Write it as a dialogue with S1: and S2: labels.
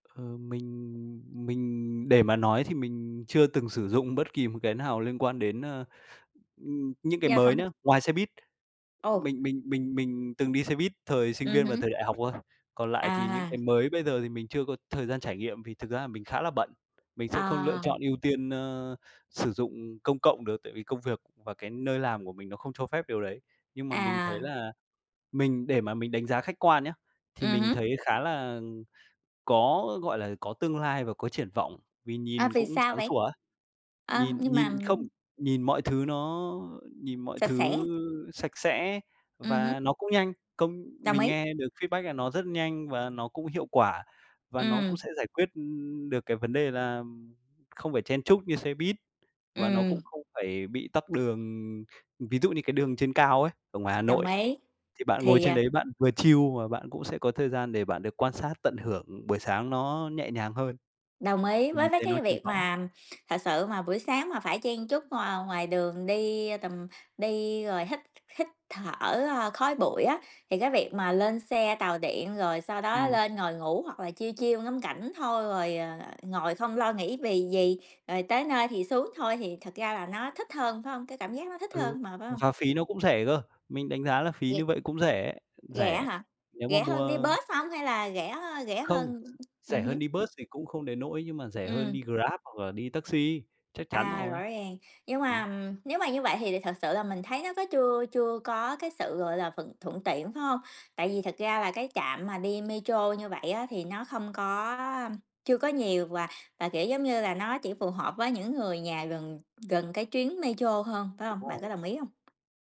S1: Ờ, mình mình để mà nói thì mình chưa từng sử dụng bất kỳ một cái nào liên quan đến, ơ, ừm, những cái
S2: Yeah.
S1: mới
S2: [unintelligible]
S1: nhá, ngoài xe buýt.
S2: Ồ.
S1: Mình mình mình mình từng đi xe buýt thời sinh
S2: Ừm
S1: viên và
S2: hứm.
S1: thời đại học thôi, còn lại thì những
S2: À.
S1: cái mới bây giờ thì mình chưa có thời gian trải nghiệm, vì thực ra là mình khá là bận, mình sẽ không lựa
S2: À.
S1: chọn ưu tiên, ơ, sử dụng công cộng được tại vì công việc và cái nơi làm của mình nó không cho phép điều đấy. Nhưng mà mình thấy
S2: À.
S1: là mình để mà mình đánh giá khách quan nhá, thì
S2: Ừm
S1: mình
S2: hứm.
S1: thấy khá là có, gọi là, có tương lai và có triển vọng, vì
S2: À,
S1: nhìn
S2: vì
S1: cũng
S2: sao
S1: sáng
S2: vậy?
S1: sủa á,
S2: Ơ,
S1: nhìn
S2: nhưng mà,
S1: nhìn không,
S2: ừm
S1: nhìn mọi thứ nó nhìn mọi
S2: Sạch sẽ.
S1: thứ sạch sẽ
S2: Ừm hứm.
S1: và nó cũng nhanh. Công
S2: Đồng
S1: mình
S2: ý.
S1: nghe được feedback là nó rất nhanh và nó cũng hiệu quả, và nó cũng
S2: Ừm.
S1: sẽ giải quyết, ưm, được cái vấn đề là, ừm, không phải chen chúc như xe buýt, và nó cũng
S2: Ừm.
S1: không phải bị tắc đường. Ừm, ví dụ như cái đường trên cao ấy, ở ngoài Hà
S2: Đồng
S1: Nội,
S2: ý.
S1: thì bạn ngồi
S2: Thì,
S1: trên
S2: à
S1: đấy bạn vừa chill mà bạn cũng sẽ có thời gian để bạn được quan sát, tận hưởng buổi sáng nó nhẹ nhàng hơn,
S2: Đồng ý.
S1: thì
S2: Với
S1: mình
S2: mấy
S1: thấy nó
S2: cái
S1: triển
S2: việc
S1: vọng ấy.
S2: mà thật sự mà buổi sáng mà phải chen chúc, ờ, ngoài đường đi tầm đi rồi hít hít thở, ơ, khói bụi á, thì cái việc mà lên xe tàu điện rồi sau đó
S1: Ừm.
S2: lên ngồi ngủ hoặc là chill, chill ngắm cảnh thôi rồi, ờ, ngồi không lo nghĩ vì gì, rồi tới nơi thì xuống thôi thì thật ra là nó thích hơn, phải hông? Cái cảm giác nó thích
S1: Ừ.
S2: hơn mà, phải hông?
S1: Và phí nó cũng rẻ cơ, mình đánh giá là
S2: G
S1: phí như vậy cũng rẻ,
S2: Rẻ
S1: rẻ
S2: hả?
S1: nếu mà
S2: Rẻ
S1: mua,
S2: hơn đi
S1: ơ
S2: bus hông, hay là rẻ, a, rẻ
S1: Không,
S2: hơn ừm
S1: rẻ hơn
S2: hứm.
S1: đi bus thì cũng không đến nỗi, nhưng mà rẻ hơn
S2: Ừm.
S1: đi Grab hoặc là đi taxi, chắc chắn
S2: À,
S1: rồi.
S2: rõ ràng. Nhưng mà,
S1: Ừm.
S2: ừm, nếu mà như vậy thì thật sự là mình thấy nó có chưa chưa có cái sự, gọi là, thuận thuận tiện, phải hông? Tại vì thật ra là cái trạm mà đi metro như vậy á thì nó không có, a chưa có nhiều và và, kiểu, giống như là, nó chỉ phù hợp với những người nhà gần gần cái chuyến metro hơn, phải
S1: Đúng
S2: hông? Bạn có
S1: rồi.
S2: đồng ý hông?